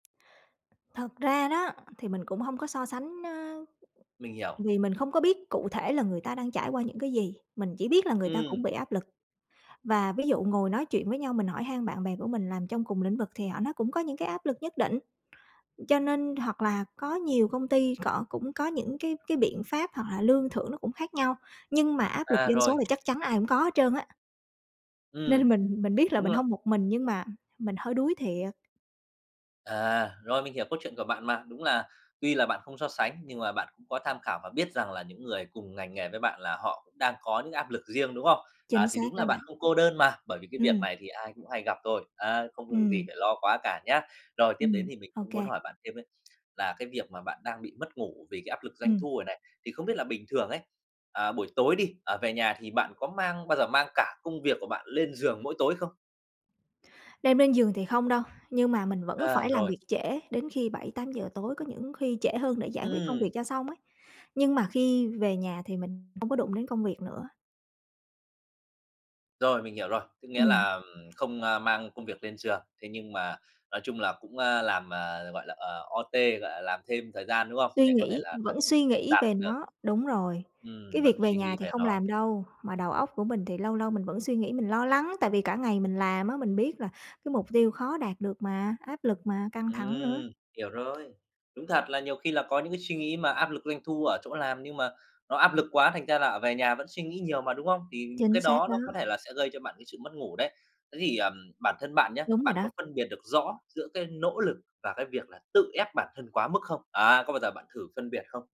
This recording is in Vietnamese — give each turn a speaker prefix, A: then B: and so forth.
A: Thật ra đó thì mình cũng hông có so sánh, ơ
B: Mình hiểu.
A: vì mình không có biết cụ thể là người ta đang trải qua những cái gì. Mình chỉ biết là người ta
B: Ừm.
A: cũng bị áp lực. Và ví dụ ngồi nói chuyện với nhau, mình hỏi han bạn bè của mình làm trong cùng lĩnh vực thì họ nói cũng có những cái áp lực nhất định, cho nên hoặc là có nhiều công ty cọ cũng có những cái cái biện pháp hoặc là lương thưởng nó cũng khác nhau, nhưng mà áp lực
B: À,
A: doanh
B: rồi.
A: số là chắc chắn ai cũng có hết trơn á.
B: Ừm,
A: Nên mình mình biết là
B: đúng
A: mình
B: rồi.
A: hông một mình nhưng mà mình hơi đuối thiệt.
B: À, rồi, mình hiểu câu chuyện của bạn mà. Đúng là tuy là bạn không so sánh nhưng mà bạn cũng có tham khảo và biết rằng là những người cùng ngành nghề với bạn là họ cũng đang có những áp lực riêng, đúng không? À,
A: Chính
B: thì
A: xác
B: đúng là
A: đó
B: bạn
A: bạn.
B: không cô đơn mà, bởi vì cái việc
A: Ừm.
B: này thì ai cũng hay gặp thôi, a, không việc gì
A: Ừm.
B: phải lo quá cả nhá. Rồi tiếp đến
A: Ừm,
B: thì mình
A: ô
B: cũng muốn
A: kê.
B: hỏi bạn thêm ấy, là cái việc mà bạn đang bị mất ngủ vì cái áp lực doanh
A: Ừm.
B: thu này này, thì không biết là bình thường ấy, à, buổi tối đi, ờ, về nhà thì bạn có mang bao giờ mang cả công việc của bạn lên giường mỗi tối không?
A: Đem lên giường thì không đâu, nhưng mà mình vẫn
B: À,
A: phải làm
B: rồi.
A: việc trễ đến khi 7, 8 giờ tối, có những khi trễ hơn để giải quyết công
B: Ừm.
A: việc cho xong ấy. Nhưng mà khi về nhà thì mình không có đụng đến công việc nữa.
B: Rồi, mình hiểu rồi, có nghĩa
A: Ừm.
B: là, ừm, không, a, mang công việc lên giường, thế nhưng mà nói chung là cũng, a, làm, à, gọi là, ờ, OT, gọi là làm thêm thời gian, đúng không?
A: Suy
B: Để có thể
A: nghĩ,
B: là đ
A: vẫn suy nghĩ
B: đạt
A: về
B: được
A: nó. Đúng rồi,
B: Ừm,
A: cái
B: vẫn
A: việc về
B: suy
A: nhà
B: nghĩ
A: thì
B: về
A: không
B: nó.
A: làm đâu, mà đầu óc của mình thì lâu lâu mình vẫn suy nghĩ, mình lo lắng, tại vì cả ngày mình làm á, mình biết là cái mục tiêu khó đạt được mà, áp lực mà, căng thẳng nữa.
B: Ừm, hiểu rồi. Đúng thật là nhiều khi là có những cái suy nghĩ mà áp lực doanh thu ở chỗ làm, nhưng mà nó áp lực quá thành ra là, ờ, về nhà vẫn suy nghĩ nhiều mà, đúng không? Thì những cái
A: Chính
B: đó
A: xác đó.
B: nó có thể là sẽ gây cho bạn cái sự mất ngủ đấy. Thế thì, ờm, bản thân bạn nhá,
A: Đúng rồi
B: bạn có
A: đó.
B: phân biệt được rõ giữa cái nỗ lực và cái việc là tự ép bản thân quá mức không? Á, có bao giờ bạn thử phân biệt không?